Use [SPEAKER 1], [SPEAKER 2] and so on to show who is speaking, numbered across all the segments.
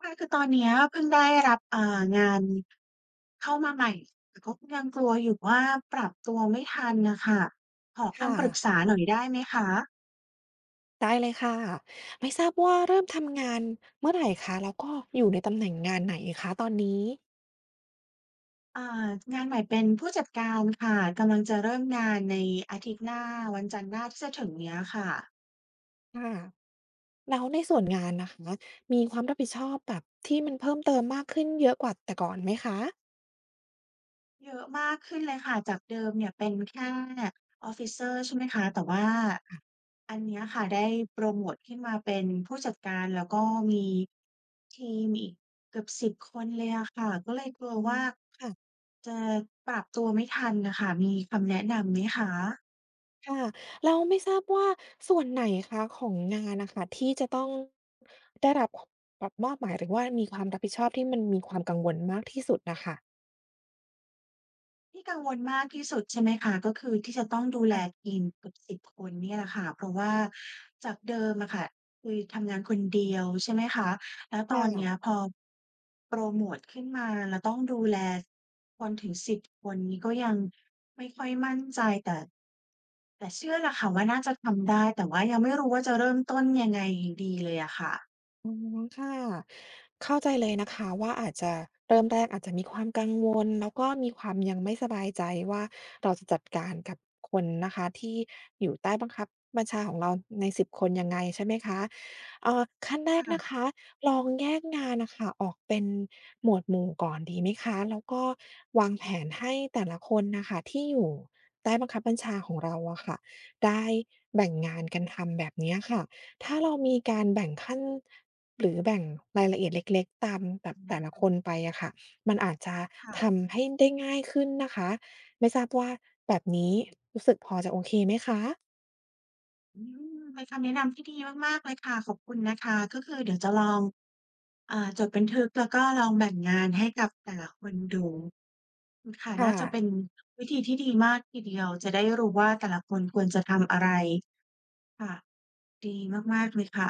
[SPEAKER 1] ค่ะ คือตอนเนี้ยเพิ่งได้รับ อ่า งานเข้ามาใหม่ แต่ก็ยังกลัวอยู่ว่าปรับตัวไม่ทันน่ะค่ะ ขอ
[SPEAKER 2] ค
[SPEAKER 1] ค
[SPEAKER 2] ่
[SPEAKER 1] ำปรึ
[SPEAKER 2] ะ
[SPEAKER 1] กษาหน่อยได้ไหมคะ?
[SPEAKER 2] ได้เลยค่ะ ไม่ทราบว่าเริ่มทำงานเมื่อไรคะ? แล้วก็อยู่ในตำแหน่งงานไหนคะตอนนี้?
[SPEAKER 1] อ่า งานใหม่เป็นผู้จัดการค่ะ กำลังจะเริ่มงานในอาทิตย์หน้า วันจันทร์หน้าที่จะถึงเนี้ยค่ะ
[SPEAKER 2] ค่ะ แล้วในส่วนงานนะคะ มีความรับผิดชอบแบบที่มันเพิ่มเติมมากขึ้นเยอะกว่าแต่ก่อนไหมคะ?
[SPEAKER 1] เยอะมากขึ้นเลยค่ะ จากเดิมเนี่ยเป็นแค่ officer ใช่ไหมคะ แต่ว่า
[SPEAKER 2] ค่ะ
[SPEAKER 1] อันเนี้ยค่ะ ได้โพรโมตขึ้นมาเป็นผู้จัดการ แล้วก็มีทีมอีกเกือบ 10 คนเลยอะค่ะ ก็เลยกลัว
[SPEAKER 2] อื
[SPEAKER 1] ว
[SPEAKER 2] ม
[SPEAKER 1] ่า
[SPEAKER 2] ค่ะ
[SPEAKER 1] จะปรับตัวไม่ทันน่ะค่ะ มีคำแนะนำไหมคะ?
[SPEAKER 2] ค่ะ แล้วไม่ทราบว่าส่วนไหนคะของงานอะค่ะ ที่จะต้องได้รับ ค แบบมอบหมาย หรือว่ามีความรับผิดชอบ ที่มันมีความกังวลมากที่สุดอะค่ะ?
[SPEAKER 1] ที่กังวลมากที่สุด ใช่ไหมคะ ก็คือที่จะต้องดูแ
[SPEAKER 2] ค
[SPEAKER 1] ล
[SPEAKER 2] ่ะ
[SPEAKER 1] ทีมเกือบ 10 คนนี่แหละค่ะ เพราะว่าจากเดิมอะค่ะ คือทำงานคนเดียว ใช่ไหมคะ แล้ว
[SPEAKER 2] ค
[SPEAKER 1] ต
[SPEAKER 2] ่
[SPEAKER 1] อนเนี้ย
[SPEAKER 2] ะ
[SPEAKER 1] พอโพรโมตขึ้นมา แล้วต้องดูแลคนถึง 10 คนนี่ ก็ยังไม่ค่อยมั่นใจ แต่ แต่เชื่อล่ะค่ะว่าน่าจะทำได้ แต่ว่ายังไม่รู้ว่าจะเริ่มต้นยังไงอยู่ดีเลยอะค่ะ
[SPEAKER 2] อือ ค่ะ เข้าใจเลยนะคะว่า อาจจะ เริ่มแรกอาจจะมีความกังวล แล้วก็มีความยังไม่สบายใจว่า เราจะจัดการกับคนนะคะ ที่อยู่ใต้บังคับบัญชาของเราใน 10 คนยังไง ใช่ไหมคะ? อ่า ขั้นแร
[SPEAKER 1] ค
[SPEAKER 2] ก
[SPEAKER 1] ่
[SPEAKER 2] นะค
[SPEAKER 1] ะ
[SPEAKER 2] ะ ลองแยกงานน่ะค่ะออกเป็นหมวดหมู่ก่อนดีไหมคะ? แล้วก็วางแผนให้แต่ละคนน่ะค่ะ ที่อยู่ใต้บังคับบัญชาของเราอะค่ะ ได้แบ่งงานกันทำแบบเนี้ยค่ะ ถ้าเรามีการแบ่งขั้น หรือแบ่งรายละเอียดเล็ก ๆ ตามแบ
[SPEAKER 1] ค
[SPEAKER 2] บ
[SPEAKER 1] ำแน
[SPEAKER 2] แต่
[SPEAKER 1] ะ
[SPEAKER 2] ละ
[SPEAKER 1] นำ
[SPEAKER 2] คนไปอะค่ะ มันอาจจะ
[SPEAKER 1] ค่ะ
[SPEAKER 2] ทำให้ได้ง่ายขึ้นนะคะ ไม่ทราบว่าแบบนี้รู้สึกพอจะโอเคไหมคะ?
[SPEAKER 1] อือ เป็นคำแนะนำที่ดีมาก ๆ เลยค่ะ ขอบคุณนะคะ ก็คือเดี๋ยวจะลอง อ่า จดบันทึก แล้วก็ลองแบ่งงานให้กับแต่ละคนดู อืม ค่ะ
[SPEAKER 2] ค่
[SPEAKER 1] น่าจะเ
[SPEAKER 2] ะ
[SPEAKER 1] ป็นวิธีที่ดีมากทีเดียว จะได้รู้ว่าแต่ละคนควรจะทำอะไร ค่ะ ดีมาก ๆ เลยค่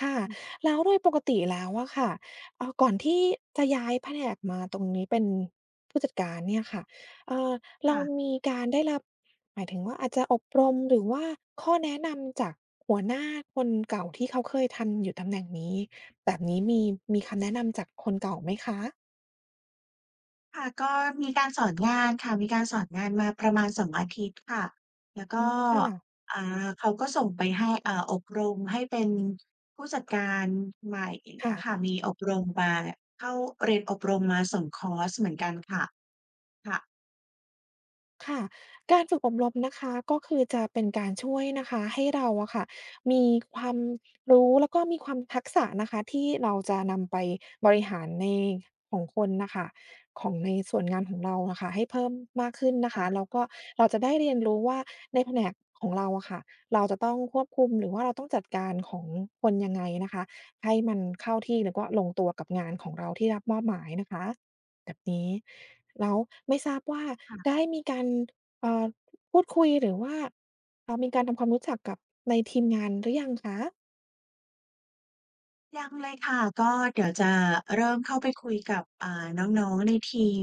[SPEAKER 2] ค่ะ แล้วโดยปกติแล้วอะค่ะ เออ ก่อนที่จะย้ายแผนกมาตรงนี้ เป็น ผู้จัดการเนี่ยค่ะ เออ เ
[SPEAKER 1] ค
[SPEAKER 2] ร
[SPEAKER 1] ่
[SPEAKER 2] า
[SPEAKER 1] ะ
[SPEAKER 2] มีการได้รับ หมายถึงว่าอาจจะอบรม หรือว่าข้อแนะนำจากหัวหน้าคนเก่า ที่เขาเคยทำอยู่ตำแหน่งนี้ แบบนี้มี มีคำแนะนำจากคนเก่าไหมคะ?
[SPEAKER 1] ค่ะ ก็มีการสอนงานค่ะ มีการสอนงานมาประมาณ 2 อาทิตย์ค่ะ แล้วก
[SPEAKER 2] อื
[SPEAKER 1] ็
[SPEAKER 2] ม ค่ะ
[SPEAKER 1] อา เขาก็ส่งไปให้ อ่า อบรมให้เป็นผู้จัดการใหม่ อย่างเ
[SPEAKER 2] ค
[SPEAKER 1] งี
[SPEAKER 2] ่
[SPEAKER 1] ้ย
[SPEAKER 2] ะ
[SPEAKER 1] ค่ะ มีอบรมบา เข้าเรียนอบรมมา 2 คอร์สเหมือนกันค่ะ ค่ะ
[SPEAKER 2] ค่ะ การฝึกอบรมนะคะ ก็คือจะเป็นการช่วยนะคะ ให้เราอะค่ะมีความรู้ แล้วก็มีความทักษะนะคะ ที่เราจะนำไปบริหารใน ของคนน่ะค่ะ ของในส่วนงานของเราอะค่ะ ให้เพิ่มมากขึ้นนะ
[SPEAKER 1] ค
[SPEAKER 2] ค
[SPEAKER 1] ่
[SPEAKER 2] ะ
[SPEAKER 1] ะ
[SPEAKER 2] แล้วก็เราจะได้เรียนรู้ว่า ในแผนกของเราอะค่ะ เราจะต้องควบคุม หรือว่าเราต้องจัดการของ คนยังไงนะคะ ให้มันเข้าที่ แล้วก็ลงตัวกับงานของเราที่รับมอบหมายนะคะ แบบนี้ แล้วไม่ทราบว่า
[SPEAKER 1] ค่ะ
[SPEAKER 2] ได้มีการ เอ่อ พูดคุย หรือว่า เอ่อ มีการทำความรู้จักกับในทีมงานหรือยังคะ?
[SPEAKER 1] ยังเลยค่ะ ก็เดี๋ยวจะเริ่มเข้าไปคุยกับ อ่า น้อง ๆ ในทีม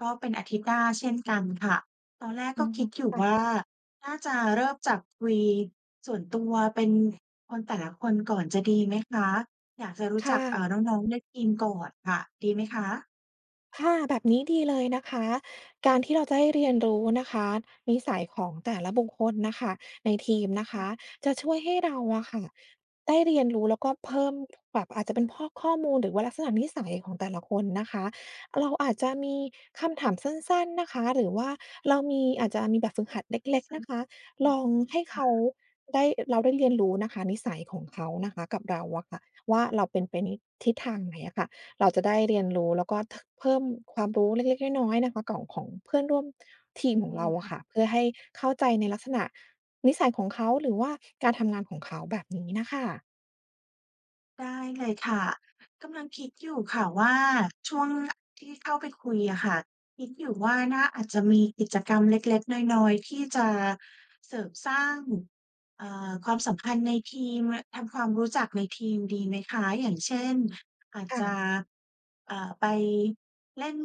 [SPEAKER 1] ก็เป็นอาทิตย์หน้าเช่นกันค่ะ ตอนแรก
[SPEAKER 2] อื
[SPEAKER 1] ก็
[SPEAKER 2] อ
[SPEAKER 1] คิดอยู่
[SPEAKER 2] ค่ะ
[SPEAKER 1] ว่า น่าจะเริ่มจากคุยส่วนตัว เป็นคนแต่ละคนก่อนจะดีไหมคะ? อยากจะรู้
[SPEAKER 2] ค่
[SPEAKER 1] จัก อ่า
[SPEAKER 2] ะ
[SPEAKER 1] น้อง ๆ ในทีมก่อนค่ะ ดีไหมคะ?
[SPEAKER 2] ค่ะ แบบนี้ดีเลยนะคะ การที่เราจะได้เรียนรู้นะคะ นิสัยของแต่ละบุคคลน่ะค่ะ ในทีมนะค
[SPEAKER 1] ค่
[SPEAKER 2] ะ
[SPEAKER 1] ะ
[SPEAKER 2] จะช่วยให้เราอะค่ะได้เรียนรู้ แล้วก็เพิ่ม แบบอาจจะเป็นพอกข้อมูล หรือว่าลักษณะนิสัยของแต่ละคนนะคะ เราอาจจะมีคำถามสั้น ๆ นะคะ หรือว่าเรามี อาจจะมีแบบฝึกหัดเล็ก
[SPEAKER 1] ส
[SPEAKER 2] ๆ นะคะ
[SPEAKER 1] อื
[SPEAKER 2] ล
[SPEAKER 1] ม
[SPEAKER 2] องให้
[SPEAKER 1] ค
[SPEAKER 2] เข
[SPEAKER 1] ่
[SPEAKER 2] า
[SPEAKER 1] ะ
[SPEAKER 2] ได้ เราได้เรียนรู้นะคะนิสัยของเขานะคะกับเราอะค่ะว่า เราเป็นไปในทิศทางไหนอะค่ะ เราจะได้เรียนรู้ แล้วก็ ท เพิ่มความรู้เล็ก ๆ น้อย ๆ นะคะ ก่อง ของเพื่อนร่วมทีมข
[SPEAKER 1] ด
[SPEAKER 2] อง
[SPEAKER 1] ี
[SPEAKER 2] เราอ
[SPEAKER 1] ค
[SPEAKER 2] ะ
[SPEAKER 1] ่
[SPEAKER 2] ค่
[SPEAKER 1] ะ
[SPEAKER 2] ะ เพื่อให้เข้าใจในลักษณะนิสัยของเขา หรือว่าการทำงานของเขา แบบนี้น่ะค่ะ
[SPEAKER 1] ได้เลยค่ะ กำลังคิดอยู่ค่ะว่า ช่วง ที่เข้าไปคุยอะค่ะ คิดอยู่ว่าน่า อาจจะมีกิจกรรมเล็ก ๆ น้อย ๆ ที่จะเสริมสร้าง เอ่อ ความสัมพันธ์ในทีม ม ทำความรู้จักในทีมดีไหมคะ? อย่างเช่น อาจ
[SPEAKER 2] ค่
[SPEAKER 1] จะ
[SPEAKER 2] ะ
[SPEAKER 1] อ่า ไปเล่น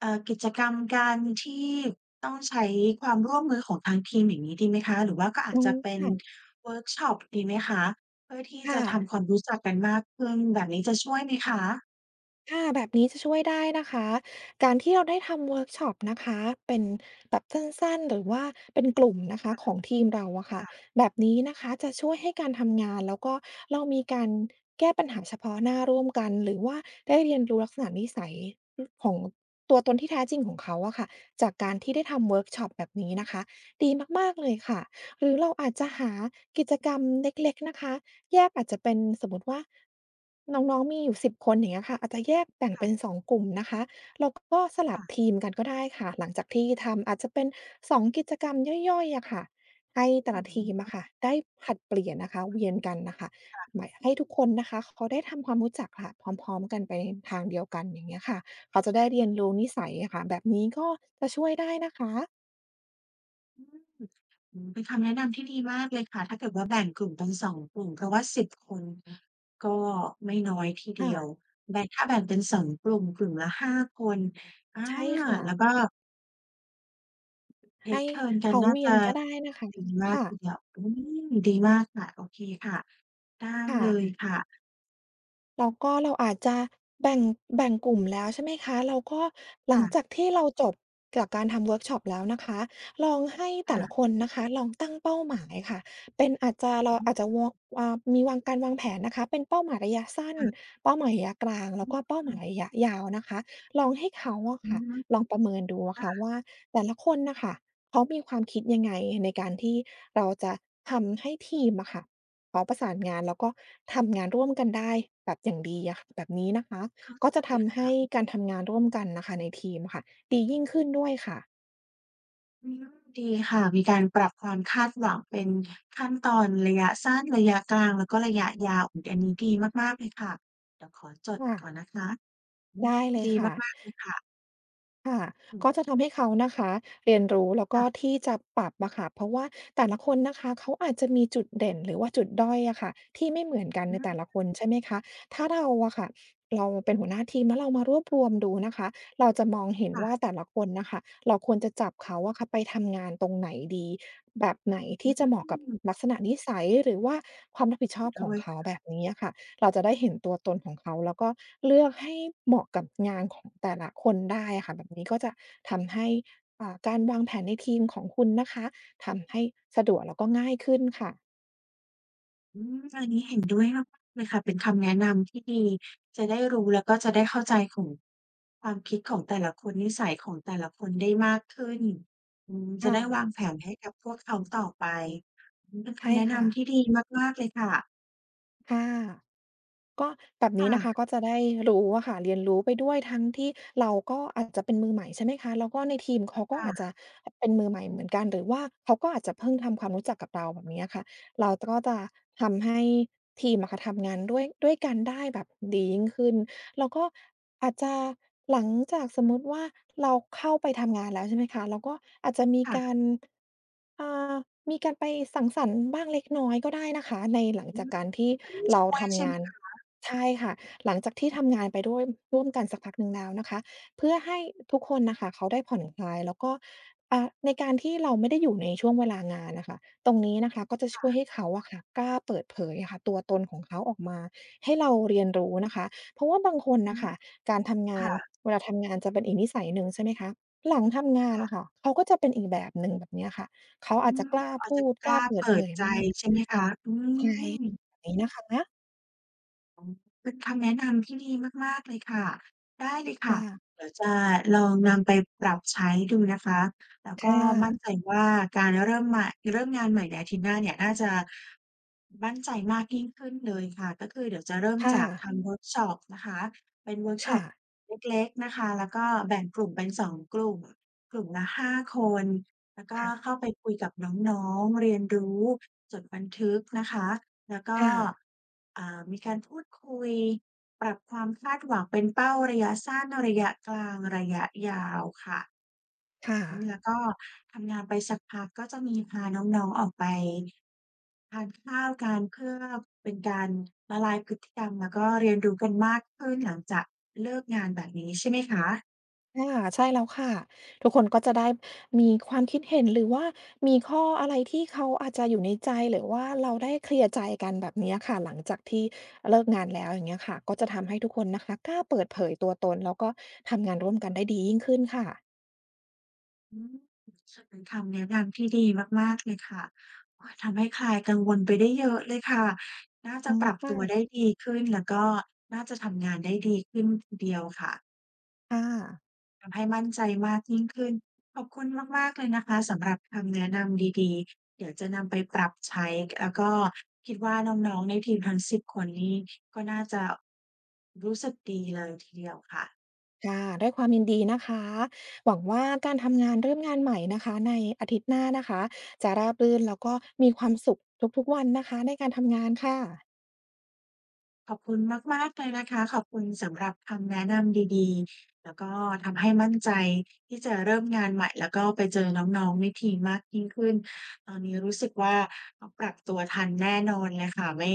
[SPEAKER 1] เอ่อ กิจกรรม การที่ต้องใช้ความร่วมมือของทางทีม อย่างงี้ดีไหมคะ? หรือว่าก็อา
[SPEAKER 2] อื
[SPEAKER 1] จจ
[SPEAKER 2] ม
[SPEAKER 1] ะเป็
[SPEAKER 2] ค
[SPEAKER 1] น
[SPEAKER 2] ่ะ
[SPEAKER 1] เวิร์กช็อปดีไหมคะ? เพื่อที่
[SPEAKER 2] ค
[SPEAKER 1] จ
[SPEAKER 2] ่
[SPEAKER 1] ะท
[SPEAKER 2] ะ
[SPEAKER 1] ำความรู้จักกันมากขึ้น แบบนี้จะช่วยไหมคะ?
[SPEAKER 2] ค่ะ แบบนี้จะช่วยได้นะคะ การที่เราได้ทำเวิร์กช็อปนะคะ เป็นแบบสั้น ๆ หรือว่าเป็นกลุ่มนะคะของทีมเราอะค
[SPEAKER 1] ค
[SPEAKER 2] ่ะ
[SPEAKER 1] ่ะ
[SPEAKER 2] แบบนี้นะคะจะช่วยให้การทำงาน แล้วก็เรามีการแก้ปัญหาเฉพาะหน้าร่วมกัน หรือว่าได้เรียนรู้ลักษณะนิสัย ร ของ ตัวตนที่แท้จริงของเขาอะค่ะ จากการที่ได้ทำเวิร์กช็อปแบบนี้
[SPEAKER 1] อ
[SPEAKER 2] น
[SPEAKER 1] ืม
[SPEAKER 2] ะคะ ดีมาก ๆ เลยค่ะ หรือเราอาจจะหากิจกรรมเล็ก ๆ นะคะ แยก อาจจะเป็นสมมุติว่า น้อง ๆ มีอยู่ 10 คน อย่างเงี้ยค่ะ อาจจะแยกแบ่ง
[SPEAKER 1] ค
[SPEAKER 2] เ
[SPEAKER 1] ่
[SPEAKER 2] ป็
[SPEAKER 1] ะ
[SPEAKER 2] น 2 กลุ่มนะคะ แล้วก็สลั
[SPEAKER 1] ค
[SPEAKER 2] บ
[SPEAKER 1] ่ะ
[SPEAKER 2] ทีมกันก็ได้ค่ะ หลังจากที่ทำ อาจจะเป็น 2 กิจกรรมย่อย ๆ อะค่ะ ให้แต่
[SPEAKER 1] น
[SPEAKER 2] ละที
[SPEAKER 1] ี้
[SPEAKER 2] ม
[SPEAKER 1] เปล
[SPEAKER 2] อ
[SPEAKER 1] ่
[SPEAKER 2] ะ
[SPEAKER 1] า?
[SPEAKER 2] ค่ะได้ผลัดเปลี่ยนนะคะ เวียนกันน่ะค่ะ
[SPEAKER 1] ค่ะ
[SPEAKER 2] ม ให้ทุกคนนะคะเขาได้ทำความรู้จักค่ะ พร้อม ๆ กันไปทางเดียวกัน อย่างเงี้ยค่ะ เขาจะได้เรียนรู้นิสัยอะค่ะ แบบนี้ก็จะช่วยได้นะคะ
[SPEAKER 1] อืม อื้อฮือ เป็นคำแนะนำที่ดีมากเลยค่ะ ถ้าเกิดว่าแบ่งกลุ่มเป็น 2 กลุ่ม เพราะว่า 10 คนก็ไม่น้อยทีเ
[SPEAKER 2] ค
[SPEAKER 1] ด
[SPEAKER 2] ่
[SPEAKER 1] ีย
[SPEAKER 2] ะ
[SPEAKER 1] ว แบ่ง ถ้าแบ่งเป็น 2 กลุ่ม กลุ่มละ 5 คน อา
[SPEAKER 2] ใช่ค่
[SPEAKER 1] แล้
[SPEAKER 2] ะ
[SPEAKER 1] วก็
[SPEAKER 2] ให้
[SPEAKER 1] take turns ก
[SPEAKER 2] เ
[SPEAKER 1] ั
[SPEAKER 2] ข
[SPEAKER 1] น
[SPEAKER 2] า
[SPEAKER 1] น่า
[SPEAKER 2] เวี
[SPEAKER 1] จ
[SPEAKER 2] ยน
[SPEAKER 1] ะ
[SPEAKER 2] ก็ได้นะคะ
[SPEAKER 1] ดีมา
[SPEAKER 2] ค
[SPEAKER 1] ก
[SPEAKER 2] ่
[SPEAKER 1] ท
[SPEAKER 2] ะ
[SPEAKER 1] ีเดียว อืม ดีมากค่ะ โอเคค่ะ ได้
[SPEAKER 2] ค่
[SPEAKER 1] เลย
[SPEAKER 2] ะ
[SPEAKER 1] ค่ะ
[SPEAKER 2] แล้วก็เราอาจจะแบ่ง แบ่งกลุ่มแล้ว ใช่ไหมคะ แล้วก็หล
[SPEAKER 1] ค
[SPEAKER 2] ั
[SPEAKER 1] ่
[SPEAKER 2] ง
[SPEAKER 1] ะ
[SPEAKER 2] จากที่เราจบจากการทำเวิร์กช็อปแล้วนะคะ ลองให้แ
[SPEAKER 1] ค
[SPEAKER 2] ต่
[SPEAKER 1] ่
[SPEAKER 2] ละ
[SPEAKER 1] ะ
[SPEAKER 2] คนนะคะ ลองตั้งเป้าหมายค่ะ เป็นอาจจะ เร
[SPEAKER 1] อ
[SPEAKER 2] า
[SPEAKER 1] ื้อฮื
[SPEAKER 2] อ
[SPEAKER 1] อ
[SPEAKER 2] าจจะวอ วา มีวาง การวางแผนนะคะ เป็นเป้าหมายระยะสั้น
[SPEAKER 1] ค่ะ
[SPEAKER 2] เป้าหมายระยะกลาง แล
[SPEAKER 1] อ
[SPEAKER 2] ้วก็เป้าหมา
[SPEAKER 1] ื
[SPEAKER 2] ย
[SPEAKER 1] ม
[SPEAKER 2] ระยะยาวนะคะ ลองให้เขาอะ
[SPEAKER 1] อื
[SPEAKER 2] ค่
[SPEAKER 1] อ
[SPEAKER 2] ะ
[SPEAKER 1] ฮึ
[SPEAKER 2] ลองประเมินดูอ
[SPEAKER 1] ค
[SPEAKER 2] ะค
[SPEAKER 1] ่
[SPEAKER 2] ่ะ
[SPEAKER 1] ะ
[SPEAKER 2] ว่า แต่ละคนน่ะค่ะ เขามีความคิดยังไงในการที่เราจะทำให้ทีมอะค่ะ พร้อมประสานงาน แล้วก็ทำงานร่วมกันได้ แบบอย่างดีอะค่ะ แบบนี้นะคะ
[SPEAKER 1] เข้า
[SPEAKER 2] ก
[SPEAKER 1] ใ
[SPEAKER 2] ็
[SPEAKER 1] จ
[SPEAKER 2] จะท
[SPEAKER 1] ค
[SPEAKER 2] ำให
[SPEAKER 1] ่
[SPEAKER 2] ้
[SPEAKER 1] ะ
[SPEAKER 2] การทำงานร่วมกันน่ะค่ะในทีมอะค่ะ ดียิ่งขึ้นด้วยค่ะ
[SPEAKER 1] อืม ดีค่ะ มีการปรับความคาดหวังเป็นขั้นตอนระยะสั้น ระยะกลาง แล้วก็ระยะยาว อื้อฮือ อันนี้ดีมาก ๆ เลยค่ะ เดี๋ยวขอจด
[SPEAKER 2] ค่
[SPEAKER 1] ก
[SPEAKER 2] ะ
[SPEAKER 1] ่อนนะคะ อื
[SPEAKER 2] ได
[SPEAKER 1] ม
[SPEAKER 2] ้เลย
[SPEAKER 1] ดี
[SPEAKER 2] ค่ะ
[SPEAKER 1] มาก ๆ เลยค่ะ
[SPEAKER 2] ค่ะ
[SPEAKER 1] อือ
[SPEAKER 2] ก็จะทำให้เขา
[SPEAKER 1] อืม
[SPEAKER 2] นะคะเรียนรู้ แล้วก
[SPEAKER 1] ค
[SPEAKER 2] ็
[SPEAKER 1] ่ะ
[SPEAKER 2] ที่จะปรับอะค่ะ เพราะว่าแต่ละคนนะคะ เขาอาจจะมีจุดเด่นหรือว่าจุดด้อยอะค่ะ ที่ไม่เหมือนกันในแต่ละคน ใช่ไหมคะ ถ้าเราอะค่ะ เราเป็นหัวหน้าทีมเนาะ เรามารวบรวมดูนะคะ เราจะมองเห็น
[SPEAKER 1] ค่
[SPEAKER 2] ว
[SPEAKER 1] ะ
[SPEAKER 2] ่าแต่ละคนน่ะค่ะ เราควรจะจับเขาอะค่ะไปทำงานตรงไหนดี แบบไหนท
[SPEAKER 1] อื
[SPEAKER 2] ี่จะเหมาะกับ
[SPEAKER 1] ม
[SPEAKER 2] ลักษณะนิสัย หรือว่าความรับผิดช
[SPEAKER 1] เห
[SPEAKER 2] อ
[SPEAKER 1] ็
[SPEAKER 2] บ
[SPEAKER 1] นด
[SPEAKER 2] ขอ
[SPEAKER 1] ้
[SPEAKER 2] ง
[SPEAKER 1] วย
[SPEAKER 2] เข
[SPEAKER 1] ค
[SPEAKER 2] า
[SPEAKER 1] ่ะ
[SPEAKER 2] แบบนี้อะค่ะ เราจะได้เห็นตัวตนของเขา แล้วก็เลือกให้เหมาะกับงานของแต่ละคนได้อะค่ะ แบบนี้ก็จะทำให้ อ่า การวางแผนในทีมของคุณนะคะ ทำให้สะดวกแล้วก็ง่ายขึ้นค่ะ
[SPEAKER 1] อืม อันนี้เห็นด้วยมาก ๆ เลยค่ะ เป็นคำแนะนำที่ดี จะได้รู้ แล้วก็จะได้เข้าใจของ ความคิดของแต่ละคน นิสัยของแต่ละคนได้มากขึ้น อืม จ
[SPEAKER 2] ค
[SPEAKER 1] ะ
[SPEAKER 2] ่
[SPEAKER 1] ได้ว
[SPEAKER 2] ะ
[SPEAKER 1] างแผนให้กับพวกเขาต่อไป อื้อฮือ เป็น
[SPEAKER 2] ใ
[SPEAKER 1] ค
[SPEAKER 2] ช่
[SPEAKER 1] ำแนะ
[SPEAKER 2] ค
[SPEAKER 1] น
[SPEAKER 2] ่
[SPEAKER 1] ำท
[SPEAKER 2] ะ
[SPEAKER 1] ี่ดีมาก ๆ เลยค่ะ
[SPEAKER 2] ค่ะ ก็แบบ
[SPEAKER 1] ค
[SPEAKER 2] นี
[SPEAKER 1] ่
[SPEAKER 2] ้นะค
[SPEAKER 1] ะ
[SPEAKER 2] ะ ก็จะได้รู้อะค่ะ เรียนรู้ไปด้วย ทั้งที่เราก็อาจจะเป็นมือใหม่ ใช่ไหมคะ แล้วก็ในทีมเขาก
[SPEAKER 1] ค
[SPEAKER 2] ็
[SPEAKER 1] ่
[SPEAKER 2] อาจ
[SPEAKER 1] ะ
[SPEAKER 2] จะเป็นมือใหม่เหมือนกัน หรือว่าเขาก็อาจจะเพิ่งทำความรู้จักกับเรา แบบเนี้ยค่ะ เรา ต ก็จะทำให้ทีมอะค่ะ ทำงานด้วย ด้วยกันได้แบบดียิ่งขึ้น แล้วก็อาจจะ หลังจากส
[SPEAKER 1] อ
[SPEAKER 2] ม
[SPEAKER 1] ื
[SPEAKER 2] ม
[SPEAKER 1] ม
[SPEAKER 2] ุติว่า เราเข้าไปทำงานแล้ว ใช่ไหมคะ เราก็อาจจะมี
[SPEAKER 1] ค่
[SPEAKER 2] ก
[SPEAKER 1] ะ
[SPEAKER 2] าร อ่า มีการไปสังสรรค์บ้างเล็กน้อยก็ได้นะคะ ในหลัง
[SPEAKER 1] อื
[SPEAKER 2] จาก
[SPEAKER 1] ม
[SPEAKER 2] การที่
[SPEAKER 1] แบบนี้
[SPEAKER 2] เรา
[SPEAKER 1] ช่วย
[SPEAKER 2] ท
[SPEAKER 1] ใช่
[SPEAKER 2] ำง
[SPEAKER 1] ไห
[SPEAKER 2] า
[SPEAKER 1] ม
[SPEAKER 2] น
[SPEAKER 1] คะ?
[SPEAKER 2] ใช่ค่ะ หลังจากที่ทำงานไปด้วยร่วมกันสักพักหนึ่งแล้วนะคะ เพื่อให้ อ ทุกคนน่ะค่ะเขาได้ผ่อนคลาย แล้วก็ อ่า ในการที่เราไม่ได้อยู่ในช่วงเวลางานน่ะค่ะ ตรงนี้นะคะก็จะ
[SPEAKER 1] ค
[SPEAKER 2] ช
[SPEAKER 1] ่
[SPEAKER 2] ่ว
[SPEAKER 1] ะ
[SPEAKER 2] ยให้เขาอะค่ะ กล้าเปิดเผยค่ะตัวตนของเขาออกมาให้เราเรียนรู้นะคะ เพราะว่าบางคน
[SPEAKER 1] อ
[SPEAKER 2] น่
[SPEAKER 1] ื
[SPEAKER 2] ะ
[SPEAKER 1] ม
[SPEAKER 2] ค่ะ การทำง
[SPEAKER 1] ค
[SPEAKER 2] า
[SPEAKER 1] ่
[SPEAKER 2] น
[SPEAKER 1] ะ
[SPEAKER 2] เวลาทำงานจะเป็นอีกนิสัยหนึ่ง ใช่ไหมคะ หลังทำงาน
[SPEAKER 1] ค่
[SPEAKER 2] น่
[SPEAKER 1] ะ
[SPEAKER 2] ะค่ะเขาก็จะเป็นอีกแบบหนึ่ง แบบเนี้ยค่ะ เขา
[SPEAKER 1] อื
[SPEAKER 2] อาจจะ
[SPEAKER 1] ม
[SPEAKER 2] กล้า
[SPEAKER 1] อา
[SPEAKER 2] พ
[SPEAKER 1] จ
[SPEAKER 2] ู
[SPEAKER 1] จะ
[SPEAKER 2] ด
[SPEAKER 1] ก
[SPEAKER 2] ก
[SPEAKER 1] ล
[SPEAKER 2] ล้
[SPEAKER 1] ้
[SPEAKER 2] า
[SPEAKER 1] า
[SPEAKER 2] เปิ
[SPEAKER 1] เป
[SPEAKER 2] ดเ
[SPEAKER 1] ิ
[SPEAKER 2] ผ
[SPEAKER 1] ด
[SPEAKER 2] ย
[SPEAKER 1] ใจ
[SPEAKER 2] มาก
[SPEAKER 1] ใช่ไหมคะ อื
[SPEAKER 2] ใช่
[SPEAKER 1] ม
[SPEAKER 2] นี้นะคะ
[SPEAKER 1] โอ้ เป็นคำแนะนำที่ดีมาก ๆ เลยค่ะ ได้เลยค
[SPEAKER 2] อ
[SPEAKER 1] ่ะ
[SPEAKER 2] ่า
[SPEAKER 1] เดี๋ยวจะลองนำไปปรับใช้ดูนะคะ แล้ว
[SPEAKER 2] ค
[SPEAKER 1] ก
[SPEAKER 2] ่
[SPEAKER 1] ็มั
[SPEAKER 2] ะ
[SPEAKER 1] ่นใจว่าการเริ่มใหม่ เริ่มงานใหม่ในอาทิตย์หน้าเนี่ย น่าจะมั่นใจมากยิ่งขึ้นเลยค่ะ ก็คือเดี๋ยวจะเริ่ม
[SPEAKER 2] ค่
[SPEAKER 1] จาก
[SPEAKER 2] ะ
[SPEAKER 1] ทำเวิร์กช็อปนะคะ เป็นเวิร์ก
[SPEAKER 2] ค
[SPEAKER 1] ช็
[SPEAKER 2] ่
[SPEAKER 1] อป
[SPEAKER 2] ะ
[SPEAKER 1] เล็ก ๆ นะคะ แล้วก็แบ่งกลุ่มเป็น 2 กลุ่ม กลุ่มละ 5 คน แล้วก็
[SPEAKER 2] ค่ะ
[SPEAKER 1] เข้าไปคุยกับน้อง ๆ เรียนรู้ จดบันทึกนะคะ แล้วก
[SPEAKER 2] ค
[SPEAKER 1] ็
[SPEAKER 2] ่ะ
[SPEAKER 1] อ่า มีการพูดคุย ปรับความคาดหวังเป็นเป้าระยะสั้น ระยะกลาง ระยะยาวค่ะ
[SPEAKER 2] ค่ะ
[SPEAKER 1] แล้วก็ทำงานไปสักพัก ก็จะมีพาน้อง ๆ ออกไปทานข้าวกัน เพื่อเป็นการละลายพฤติกรรม แล้วก็เรียนรู้กันมากขึ้นหลังจากเลิกงาน แบบนี้ใช่ไหมคะ?
[SPEAKER 2] ค่ะ ใช่แล้วค่ะ ทุกคนก็จะได้มีความคิดเห็น หรือว่ามีข้ออะไรที่เขาอาจจะอยู่ในใจ หรือว่าเราได้เคลียร์ใจกัน แบบเนี้ยค่ะ หลังจากที่เลิกงานแล้ว อย่างเงี้ยค่ะ ก็จะทำให้ทุกคนนะคะกล้าเปิดเผยตัวตน แล้วก็ทำงานร่วมกันได้ดียิ่งขึ้นค่ะ
[SPEAKER 1] อืม เป็นคำแนะนำที่ดีมาก ๆ เลยค่ะ โอ๊ย ทำให้คลายกังวลไปได้เยอะเลยค่ะ น่าจ
[SPEAKER 2] อ
[SPEAKER 1] ะ
[SPEAKER 2] ื
[SPEAKER 1] ป
[SPEAKER 2] ม
[SPEAKER 1] รับ
[SPEAKER 2] ค
[SPEAKER 1] ต
[SPEAKER 2] ่
[SPEAKER 1] ัว
[SPEAKER 2] ะ
[SPEAKER 1] ได้ดีขึ้น แล้วก็น่าจะทำงานได้ดีขึ้นทีเดียวค่ะ
[SPEAKER 2] ค่ะ
[SPEAKER 1] ทำให้มั่นใจมากยิ่งขึ้น ขอบคุณมาก ๆ เลยนะคะ สำหรับคำแนะนำดี ๆ เดี๋ยวจะนำไปปรับใช้ แล้ว ก็ คิดว่า น้อง ๆ ในทีมทั้ง 10 คนนี่ ก็น่าจะรู้สึกดีเลยทีเดียวค่ะ
[SPEAKER 2] ค่ะ ด้วยความยินดีนะคะ หวังว่าการทำงาน เริ่มงานใหม่นะคะ ในอาทิตย์หน้านะคะ จะราบรื่นแล้วก็มีความสุขทุก ๆ วันนะคะ ในการทำงานค่ะ
[SPEAKER 1] ขอบคุณมาก ๆ เลยนะคะ ขอบคุณสำหรับคำแนะนำดี ๆ แล้วก็ทำให้มั่นใจที่จะเริ่มงานใหม่ แล้วก็ไปเจอน้อง ๆ ในทีมมากยิ่งขึ้น ตอนนี้รู้สึกว่า ต้องปรับตัวทันแน่นอนเลยค่ะ ไม่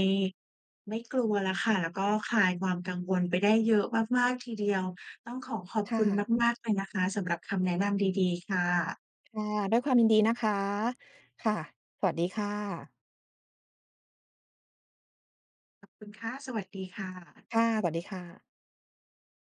[SPEAKER 1] ไม่กลัวแล้วค่ะ แล้วก็คลายความกังวลไปได้เยอะมาก ๆ ทีเดียว ต้องขอขอบ
[SPEAKER 2] ค
[SPEAKER 1] ค
[SPEAKER 2] ่
[SPEAKER 1] ุณ
[SPEAKER 2] ะ
[SPEAKER 1] มาก ๆ เลยนะคะสำหรับคำแนะนำดี ๆ ค่ะ
[SPEAKER 2] ค่ะ ด้วยความยินดีนะคะ ค่ะ สวัสดีค่ะ
[SPEAKER 1] ขอบคุณค่ะ สวัสดีค่ะ
[SPEAKER 2] ค่ะ สวัสดีค่ะ